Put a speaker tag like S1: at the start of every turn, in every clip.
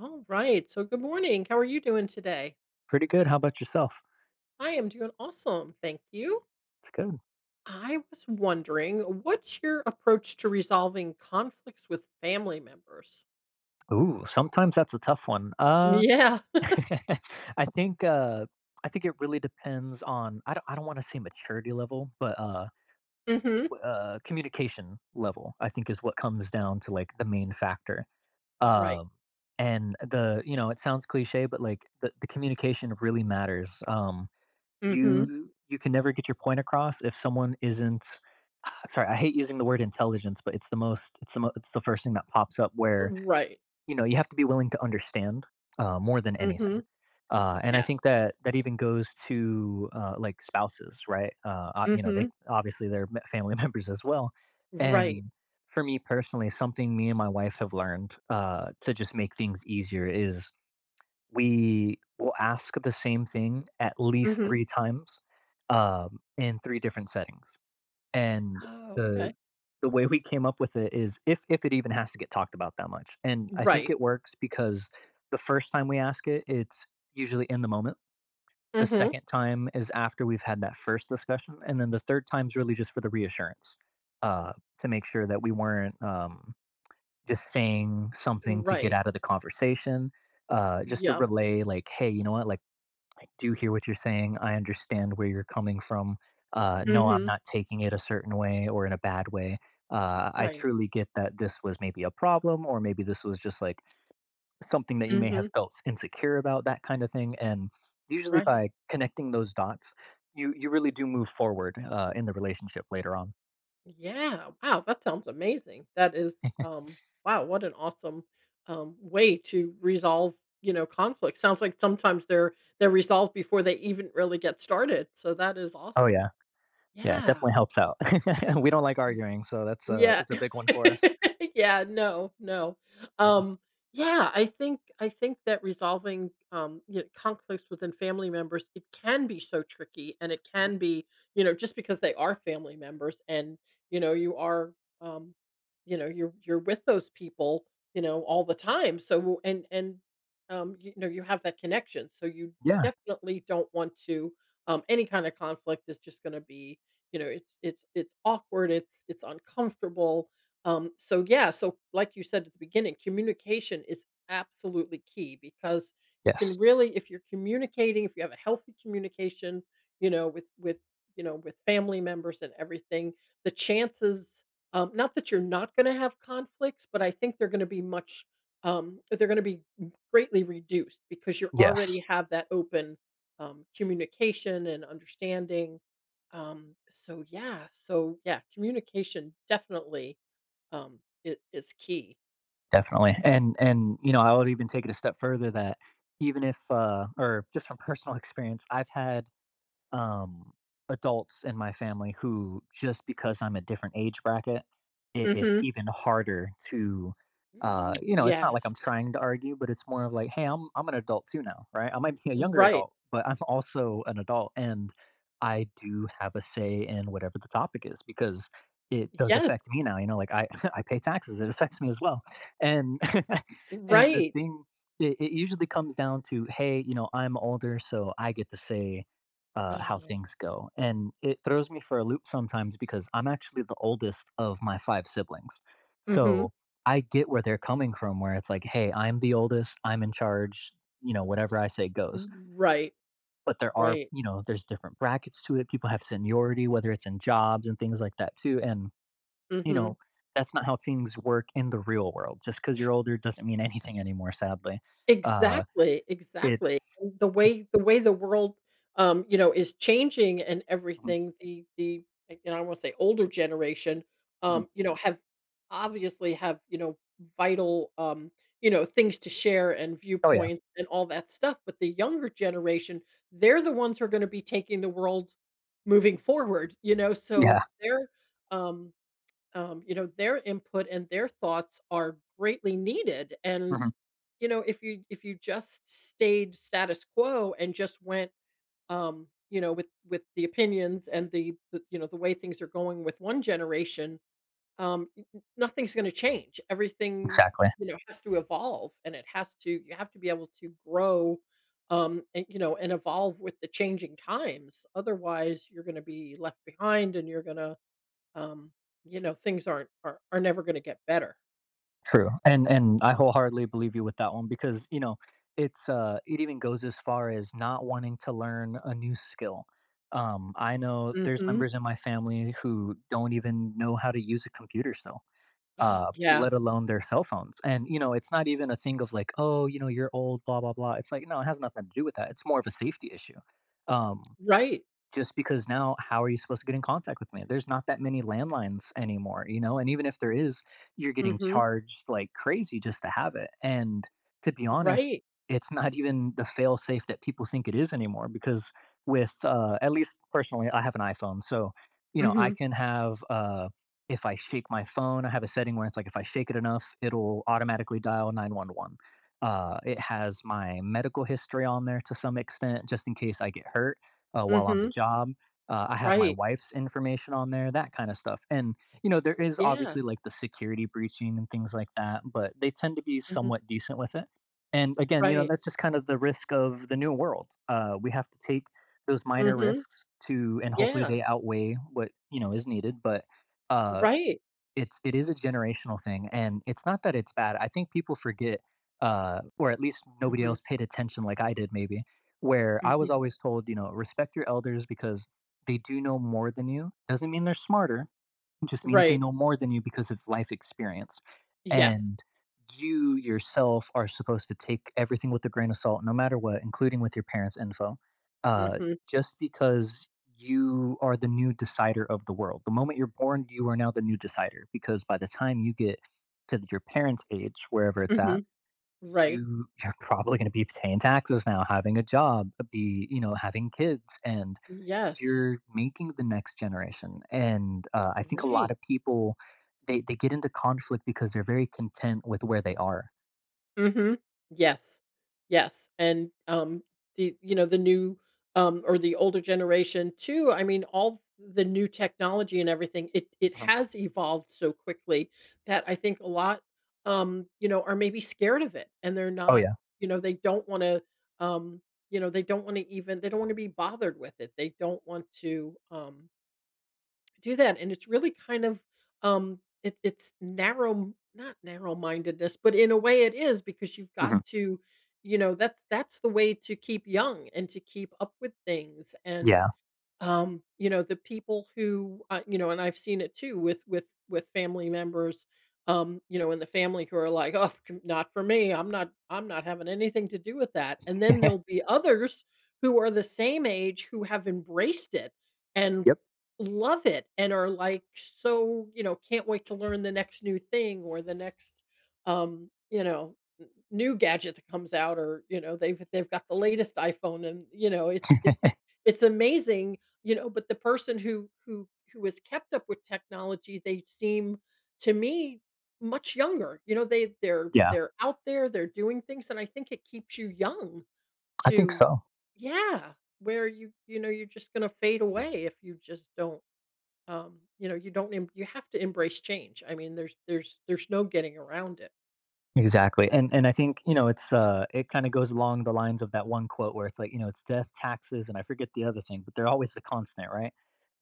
S1: Alright, so good morning, how are you doing today?
S2: Pretty good, how ‘bout yourself?
S1: I am doing awesome, thank you.
S2: That’s good.
S1: I was wondering, what's your approach to resolving conflicts with family members?
S2: Ooh, sometimes that's a tough one, uh,
S1: Yeah.
S2: I think, uh I think it really depends on I don't I don't wanna say maturity level, but, uh,
S1: Mhm.
S2: w uh, communication level, I think, is what comes down to, like, the main factor.
S1: Right.
S2: Um, and the you know, it sounds cliche, but, like, the the communication really matters, um,
S1: Mhm.
S2: you you can never get your point across if someone isn't sorry, I hate using the word intelligence, but it's the most, it's the mo it's the first thing that pops up
S1: Uh
S2: where,
S1: right.
S2: you know, you have to be willing to understand, uh, more than anything.
S1: Mhm.
S2: Uh, and I
S1: Yes.
S2: think that, that even goes to, uh, like, spouses, right? Uh, ah, you know, they
S1: Mhm.
S2: obviously, they're m family members as well,
S1: Right.
S2: and for me personally, something me and my wife have learned, uh, to just make things easier is we will ask the same thing at least
S1: Mhm.
S2: 3 times, um, in 3 different settings. And
S1: Oh,
S2: the
S1: okay.
S2: the way we came up with it is, if if it even has to get talked about that much, and I think
S1: Right.
S2: it works because the first time we ask it, it's usually in the moment. The
S1: Mhm.
S2: second time is after we've had that first discussion, and then the third time's really just for the reassurance, uh, to make sure that we weren't, um, just saying something to get
S1: Right.
S2: outta the conversation, uh, just to
S1: Yep.
S2: relay, like, "Hey, you know what, like, I do hear what you're saying. I understand where you're coming from, uh, no, I'm
S1: Mhm.
S2: not taking it a certain way or in a bad way, uh, I
S1: Right.
S2: truly get that this was maybe a problem or maybe this was just, like, something that you may have
S1: Mhm.
S2: felt s insecure about, that kinda thing," and usually
S1: Right.
S2: by connecting those dots, you you really do move forward, uh, in the relationship later on.
S1: Yeah. Wow, that sounds amazing. That is, um, wow, what an awesome, um, way to resolve, you know, conflict. Sounds like sometimes they're they're resolved before they even really get started, so that is
S2: Oh,
S1: awesome.
S2: yeah. Yeah, it
S1: Yeah.
S2: definitely helps out. We don't like
S1: Mm.
S2: arguing, so that's a
S1: Yeah.
S2: that's a big one for us.
S1: Yeah, no, no.
S2: Yeah.
S1: Um, yeah, I think I think that resolving, um, you kn conflicts within family members, it can be so tricky and it
S2: Mhm.
S1: can be, you know, just because they are family members and, you know, you are, um, you know, you're you're with those people, you know, all the time. So, and and, um, you know, you have that connection, so you
S2: Yeah.
S1: definitely don't want to, um, any kinda conflict is just gonna be, you know, it's it's it's awkward, it's it's uncomfortable. Um, so, yeah, so, like you said at the beginning, communication is absolutely key because you can
S2: Yes.
S1: really if you're communicating, if you have a healthy communication, you know, with with, you know, with family members and everything, the chances um, not that you're not gonna have conflicts, but I think they're gonna be much, um, they're gonna be m greatly reduced because you
S2: Yes.
S1: already have that open, um, communication and understanding. Um, so, yeah, so, yeah, communication definitely, um, i is key.
S2: Definitely. And and, you know, I would even take it a step further that even if, uh or just from personal experience, I've had, um, adults in my family who just because I'm a different age bracket, it it's
S1: Mhm.
S2: even harder to,
S1: Mm.
S2: uh, you know, it's not like
S1: Yes.
S2: I'm trying to argue, but it's more of like, "Hey. I'm I'm an adult too now," right? I might be a younger
S1: Right.
S2: adult, but I'm also an adult, and I do have a say in whatever the topic is because it does
S1: Yes.
S2: affect me now, you know, like, I I pay taxes. It affects me as well. And and the
S1: Right.
S2: thing it it usually comes down to, "Hey," you know, "I'm older, so I get to say, uh, how
S1: Oh.
S2: things go." And it throws me for a loop sometimes because I'm actually the oldest of my 5 siblings.
S1: Mhm.
S2: So, I get where they're coming from where it's like, "Hey. I'm the oldest. I'm in charge," you know, "Whatever I say goes."
S1: Right.
S2: But there are,
S1: Right.
S2: you know, there's different brackets to it. People have seniority, whether it's in jobs and things like that too, and, you
S1: Mhm.
S2: know, that's not how things work in the real world. Just 'cause you're older doesn't mean anything anymore, sadly. Uh,
S1: Exactly, exactly.
S2: it's
S1: And the
S2: it
S1: way the way the world, um, you know, is changing and
S2: Mhm.
S1: everything, the the and I wanna say older generation,
S2: Mhm.
S1: um, you know, have obviously have, you know, vital, um, you know, things to share and
S2: Oh, yeah.
S1: viewpoints and all that stuff, but the younger generation, they're the ones who are gonna be taking the world moving forward, you know, so
S2: Yeah.
S1: their, um, um, you know, their input and their thoughts are greatly needed, and,
S2: Mhm.
S1: you know, if you if you just stayed status quo and just went, um, you know, with with the opinions and the the, you know, the way things are going with one generation, um, n n-nothing's gonna change. Everything,
S2: Exactly.
S1: you know, has to evolve and it has to you have to be able to grow, um, and, you know, and evolve with the changing times. Otherwise, you're gonna be left behind and you're gonna um, you know, things aren't are are never gonna get better.
S2: True, and and I wholeheartedly believe you with that one because, you know, it's, uh, it even goes as far as not wanting to learn a new skill, um, I know, there's
S1: Mhm.
S2: members in my family who don't even know how to use a computer still, uh,
S1: Yeah.
S2: let alone their cell phones. And, you know, it's not even a thing of, like, "Oh," you know, "You're old, blah blah blah," it's like, no, it has nothing to do with that, it's more of a safety issue, um,
S1: Right.
S2: just because now, how are you supposed to get in contact with me? There's not that many landlines anymore, you know? And even if there is, you're getting
S1: Mhm.
S2: charged like crazy just to have it, and, to be honest,
S1: Right.
S2: it's not even the fail-safe that people think it is anymore, because with, uh, at least personally, I have an iPhone, so, you know, I
S1: Mhm.
S2: can have, uh if I shake my phone, I have a setting where it's like, if I shake it enough, it'll automatically dial 911, uh, it has my medical history on there, to some extent, just in case I get hurt, uh, while on the
S1: Mhm.
S2: job, uh, I have my
S1: Right.
S2: wife's information on there, that kinda stuff. And, you know, there is
S1: Yeah.
S2: obviously, like, the security breaching, and things like that, but they tend to be
S1: Mhm.
S2: somewhat decent with it. And, again, you know,
S1: Right.
S2: that's just kinda the risk of the new world, uh, we have to take those minor
S1: Mhm.
S2: risks to, and hopefully
S1: Yeah.
S2: they outweigh what, you know, is needed, but, uh,
S1: Right.
S2: it's it is a generational thing, and it's not that it's bad, I think people forget, uh, or at least nobody
S1: Mhm.
S2: else paid attention like I did maybe, where I
S1: Mhm.
S2: was always told, you know, "Respect your elders because they do know more than you." Doesn't mean they're smarter, just means they
S1: Right.
S2: know more than you because of life experience,
S1: Yes.
S2: and, you, yourself, are supposed to take everything with a grain of salt no matter what, including with your parents' info, uh,
S1: Mhm.
S2: just because you are the new decider of the world. The moment you're born, you are now the new decider, because by the time you get to th your parents' age, wherever it's at,
S1: Mhm. Right.
S2: you you're probably gonna be paying taxes now, having a job, uh, be, you know, having kids, and
S1: Yes.
S2: you're making the next generation, and, uh, I think a
S1: Right.
S2: lotta people, they they get into conflict because they're very content with where they are.
S1: Mhm, yes, yes, and, um, y you know, the new, um, or the older generation too, I mean, all the new technology and everything, it it
S2: Uh-huh.
S1: has evolved so quickly that I think a lot, um, you know, are maybe scared of it and they're
S2: Oh,
S1: not,
S2: yeah.
S1: you know, they don't wanna, um, you know, they don't want to even they don't want to be bothered with it. They don't want to, um, do that, and it's really kind of, um, it it's narrow m not narrow mindedness, but in a way it is because you've got
S2: Mhm.
S1: to, you know, that's that's the way to keep young and to keep up with things, and,
S2: Yeah.
S1: um, you know, the people who, ah, you know, and I've seen it too with with with family members, um, you know, in the family who are like, "Oh, not for me, I'm not I'm not having anything to do with that," and then there'll be others who are the same age who have embraced it and
S2: Yep.
S1: love it and are like, so, you know, “Can't wait to learn the next new thing or the next”, um, you know, “n new gadget that comes out” or, you know, they've they've got the latest iPhone and, you know, it's it's it's amazing, you know, but the person who who who has kept up with technology, they seem to me much younger, you know, they they're
S2: Yeah.
S1: they're out there, they're doing things, and I think it keeps you young
S2: I think
S1: to
S2: so.
S1: Yeah, where you, you know, you're just gonna fade away if you just don't, um, you know, you don't emb you have to embrace change, I mean, there's there's there's no getting around it.
S2: Exactly, and and I think, you know, it's, uh, it kinda goes along the lines of that one quote where it's like, you know, it's, "Death, taxes" And I forget the other thing, but they're always the constant, right?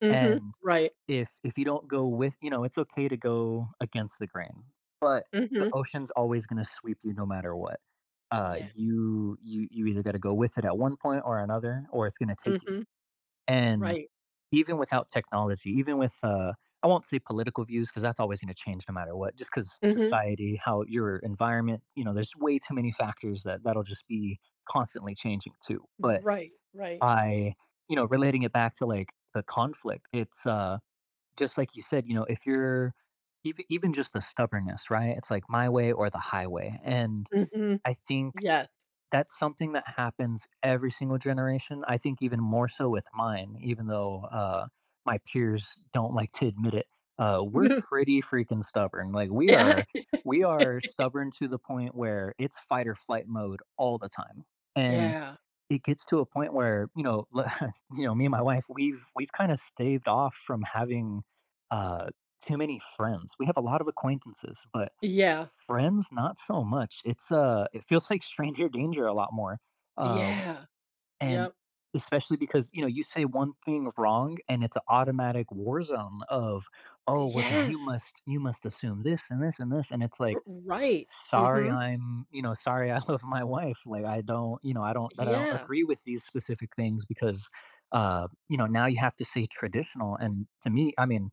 S1: Mhm,
S2: And,
S1: right.
S2: if if you don't go with you know, it's okay to go against the grain, but the
S1: Mhm.
S2: ocean's always gonna sweep you no matter what. Uh,
S1: Yeah.
S2: you you you either gotta go with it at one point, or another, or it's gonna take you.
S1: Mhm.
S2: And,
S1: Right.
S2: even without technology, even with, uh I won't say political views, 'cause that's always gonna change no matter what, just 'cause
S1: Mhm.
S2: society how your environment you know, there's way too many factors that that'll just be constantly changing, too.
S1: Ye
S2: But,
S1: right, right.
S2: by, you know, relating it back to, like, the conflict, it's, uh, just like you said, you know, if you're eve even just the stubbornness, right? It's like, "My way or the highway," and
S1: Mhm.
S2: I think
S1: Yes.
S2: that's something that happens every single generation. I think even more so with mine, even though, uh, my peers don't like to admit it, uh, we're pretty freaking stubborn. Like, we
S1: Yeah.
S2: are we are stubborn to the point where it's fight-or-flight mode all the time, and
S1: Yeah.
S2: it gets to a point where, you know, l you know, me and my wife, we've we've kinda staved off from having, uh, too many friends. We have a lot of acquaintances, but
S1: Yeah.
S2: friends? Not so much. It's, uh, it feels like stranger danger a lot more, uh,
S1: Yeah.
S2: and
S1: Yep.
S2: especially because, you know, you say one thing wrong, and it's a automatic war zone of, "Oh, well, then you
S1: Yes.
S2: must you must assume this, and this, and this." And it's like,
S1: R right,
S2: "Sorry,
S1: mhm.
S2: I'm" You know, "Sorry, I love my wife." Like, I don't you know, I don't that I don't
S1: Yeah.
S2: agree with these specific things because, uh, you know, now you have to say "traditional." And to me I mean,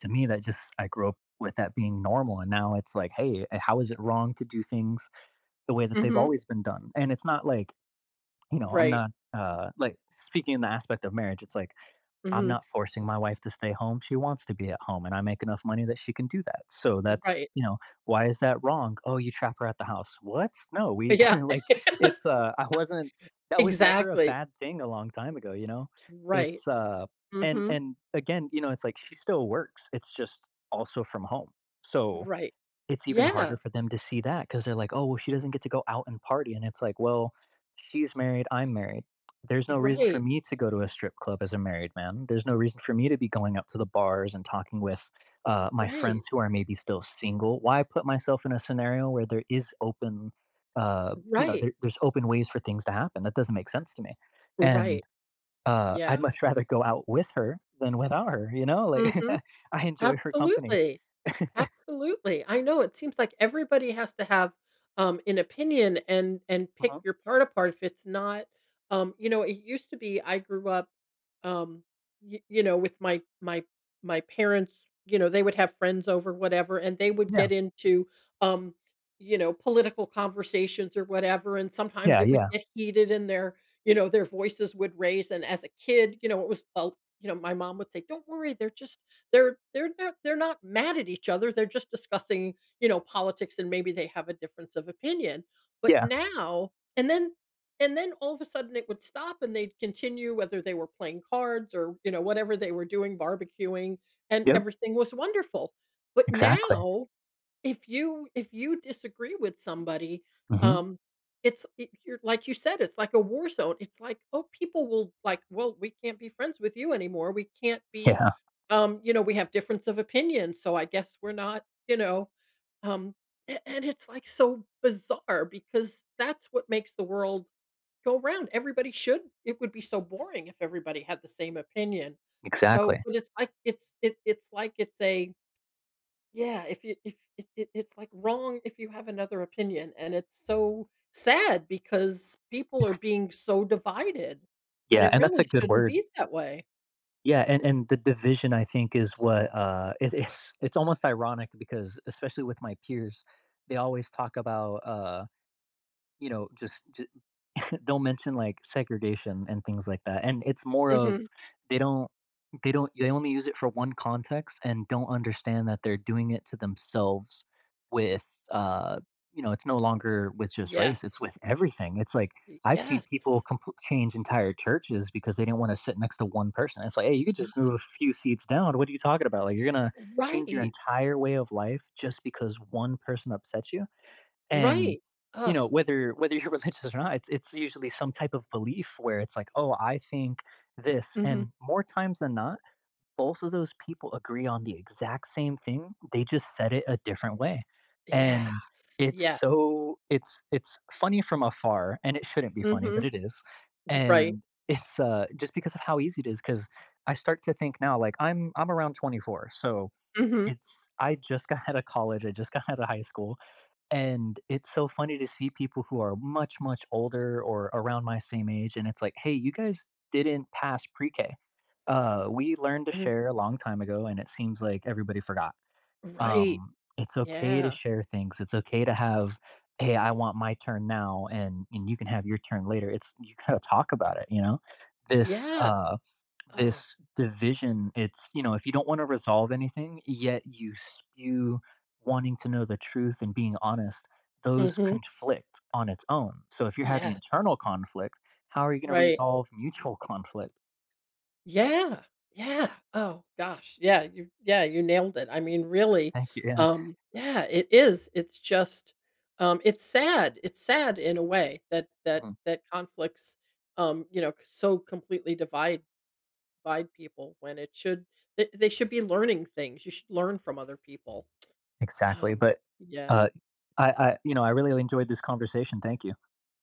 S2: to me, that just I grew up with that being normal, and now it's like, "Hey, a how is it wrong to do things the way that they've
S1: Mhm.
S2: always been done?" And it's not like, you know, I'm
S1: Right.
S2: not, uh, like speaking the aspect of marriage, it's like, I'm
S1: Mhm.
S2: not forcing my wife to stay home, she wants to be at home, and I make enough money that she can do that. So, that's,
S1: Right.
S2: you know, why is that wrong? "Oh, you trap her at the house." What? No, we
S1: Yeah.
S2: like, it's, uh, I wasn't that was never a
S1: Exactly.
S2: bad thing a long time ago, you know?
S1: Right,
S2: It's, uh, and
S1: mhm.
S2: and, again, you know, it's like she still works, it's just also from home. So,
S1: Right,
S2: it's even
S1: yeah.
S2: harder for them to see that 'cause they're like, "Oh, she doesn't get to go out and party." And it's like, "Well, she's married, I'm married." There's no reason for
S1: Right.
S2: me to go to a strip club as a married man. There's no reason for me to be going out to the bars and talking with, uh, my
S1: Right.
S2: friends who are maybe still single. Why put myself in a scenario where there is open, uh, you know,
S1: Right.
S2: there there's open ways for things to happen, that doesn't make sense to me.
S1: Right.
S2: And, uh, I'd
S1: Yeah.
S2: much rather go out with her than without her, you know, like,
S1: Mhm.
S2: I enjoy her company.
S1: Absolutely. Absolutely. I know, it seems like everybody has to have, um, an opinion and and pick
S2: Uh-huh.
S1: your part apart if it's not, um, you know it used to be I grew up, um, y you know, with my my my parents, you know, they would have friends over, whatever, and they would
S2: Yeah.
S1: get into, um, you know, political conversations or whatever, and sometimes
S2: Yeah,
S1: it would
S2: yeah.
S1: get heated and their, you know, their voices would raise. And as a kid, you know, it was, [unintelligible] you know, my mom would say, "Don't worry, they're just they're they're not they're not mad at each other, they're just discussing," you know, "politics, and maybe they have a difference of opinion." But
S2: Yeah.
S1: now and then and then all of a sudden, it would stop, and they'd continue, whether they were playing cards or, you know, whatever they were doing, barbecuing, and
S2: Yep.
S1: everything was wonderful. But
S2: Exactly.
S1: now, if you if you disagree with somebody,
S2: Mhm.
S1: um, it's eh you're like you said, it's like a war zone. It's like oh, people will, like, "Well, we can't be friends with you anymore, we can't be"
S2: Yeah.
S1: um, you know, "We have difference of opinions, so I guess we're not" you know? Um, and and it's, like, so bizarre because that's what makes the world go 'round. Everybody should it would be so boring if everybody had the same opinion. So
S2: Exactly.
S1: but, it's, like, it's it's it's like it's a Yeah, if you if if if it's like wrong if you have another opinion, and it's so sad because people are
S2: It's
S1: being so divided, and
S2: Yeah,
S1: it
S2: and that's a
S1: really
S2: good
S1: shouldn't
S2: word.
S1: be that way.
S2: Yeah, and and the division, I think, is what, uh, it it’s it's almost ironic because, especially with my peers, they always talk about, uh, you know, just ju don't mention, like, segregation, and things like that. And it's more of
S1: Mhm.
S2: they don't, they don't they only use it for 1 context, and don't understand that they're doing it to themselves with, uh, you know it's no longer with just race, it's
S1: Yes.
S2: with everything. It's like,
S1: It
S2: I've seen
S1: yes.
S2: people compl change entire churches because they didn't wanna sit next to 1 person. It's like, "Hey, you could just move a few seats down, what are you talking about?" Like, "You're gonna change your
S1: Right.
S2: entire way of life just because 1 person upsets you." And,
S1: Right.
S2: you
S1: Ugh.
S2: know, whether whether you're religious or not, it's it's usually some type of belief where it's like, "Oh, I think this," and
S1: Mhm.
S2: more times than not, both of those people agree on the exact same thing, they just said it a different way. And,
S1: Yes,
S2: it's
S1: yes.
S2: so it's it's funny from afar, and it shouldn't be funny, but
S1: Mhm.
S2: it is,
S1: Ye right.
S2: and, it's uh, just because of how easy it is 'cause I start to think now, like, I'm I'm around 24, so,
S1: Mhm.
S2: it's I just got outta college. I just got outta high school. And it's so funny to see people who are much, much older, or around my same age, and it's like, "Hey, you guys didn't pass Pre-K," uh, "We learned to
S1: Mhm.
S2: share a long time ago, and it seems like everybody forgot."
S1: Right.
S2: Um, it's okay to
S1: Yeah.
S2: share things, it's okay to have "Hey, I want my turn now, and and you can have your turn later." It's you gotta talk about it, you know? This,
S1: Yeah.
S2: uh,
S1: Ugh.
S2: this division, it's you know, if you don't wanna resolve anything, yet you spew wanting to know the truth and being honest, those
S1: Mhm.
S2: conflict on its own. So, if you're having
S1: Yes.
S2: internal conflict, how are you gonna
S1: Right.
S2: resolve mutual conflict?
S1: Yeah. Yeah. Oh gosh, yeah, you yeah, you nailed it. I mean, really,
S2: Thank you, yeah.
S1: um yeah, it is, it's just, um, it's sad, it's sad in a way that that
S2: Mhm.
S1: that conflicts, um, you know, so completely divide divide people when it should they they should be learning things. You should learn from other people,
S2: Exactly,
S1: um,
S2: but,
S1: yeah.
S2: uh, I I, you know, I really enjoyed this conversation, thank you.